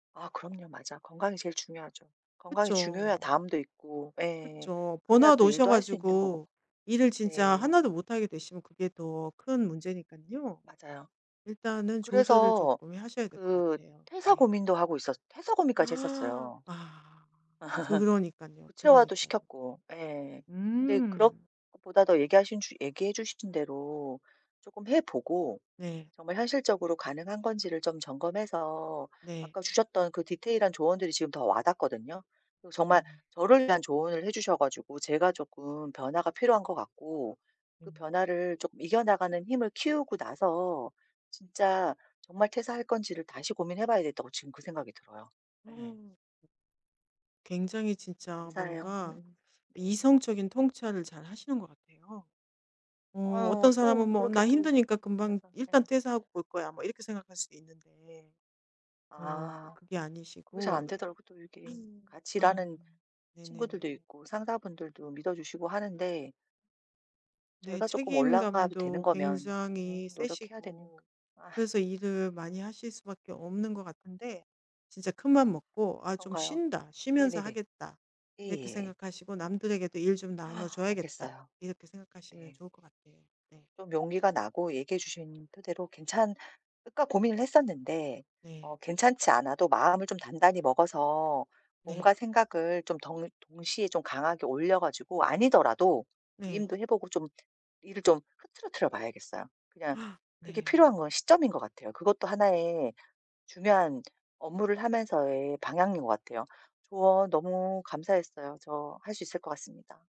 아 그럼요. 맞아. 건강이 제일 중요하죠. 건강이 중요해야 그쵸. 다음도 있고 예 그쵸. 그래야 번아웃 또 오셔 일도 할 수 있는 거고. 가지고 일을 진짜 네. 하나도 못 하게 되시면 그게 더 큰 문제니깐요. 맞아요. 일단은 조절을 그래서 쪼끔 하셔야 될 것 그 같아요. 퇴사 네. 고민도 하고 있었 퇴사 고민까지 했었어요. 아 그러니깐요. 구체화도 그러니깐요. 시켰고. 예. 근데 그런 음. 것보다도 얘기하신 주 얘기해 주신 대로 쪼끔 해보고 네. 정말 현실적으로 가능한 건지를 좀 점검해서 네. 아까 주셨던 그 디테일한 조언들이 지금 더 와닿거든요. 어 정말 네. 저를 위한 조언을 해주셔 가지고 제가 조끔 변화가 필요한 것 같고 네. 그 변화를 조끔 이겨나가는 힘을 키우고 나서 진짜 정말 퇴사할 건지를 다시 고민해 봐야 되겠다고 지금 그 생각이 들어요. 네. 어 굉장히 진짜 감사해요. 뭔가 음음. 네. 이성적인 통찰을 잘하시는 것 같아요. 어 어 어떤 사람은 또 뭐 그렇게 '나 또 힘드니까 말씀해 금방 주셔서 네. 일단 퇴사하고 볼 거야.' 뭐 이렇게 생각할 수도 있는데. 어 아. 그게 그게 잘 아니시고 안 되더라고요. 또 이게 같이 아 일하는 친구들도 네네네. 있고 상사분들도 믿어주시고 하는데 네 저희가 쪼끔 올라가도 되는 책임감도 거면 네 굉장히 노력해야 되니까. 세시고 아. 그래서 일을 많이 하실 수밖에 없는 것 같은데 진짜 큰 아 마음 먹고 '아 좀 그런가요? 쉰다. 쉬면서 네네네. 하겠다.' 이렇게 예예. 생각하시고 '남들에게도 일 좀 나눠 줘야겠다.' 알겠어요. 이렇게 생각하시면 네. 좋을 것 같아요. 네. 좀 용기가 나고 얘기해 주신 토대로 '괜찮을까.' 고민을 했었는데 네. 어 괜찮지 않아도 마음을 좀 단단히 먹어서 네. 몸과 생각을 좀 덩 동시에 좀 강하게 올려 가지고 아니더라도 네. 위임도 해 보고 좀 일을 좀 흐트러뜨려 봐야겠어요. 그냥 그게 네. 필요한 건 시점인 것 같아요. 그것도 하나의 중요한 업무를 하면서의 방향인 것 같아요. 조언 너무 감사했어요. 저 할 수 있을 것 같습니다.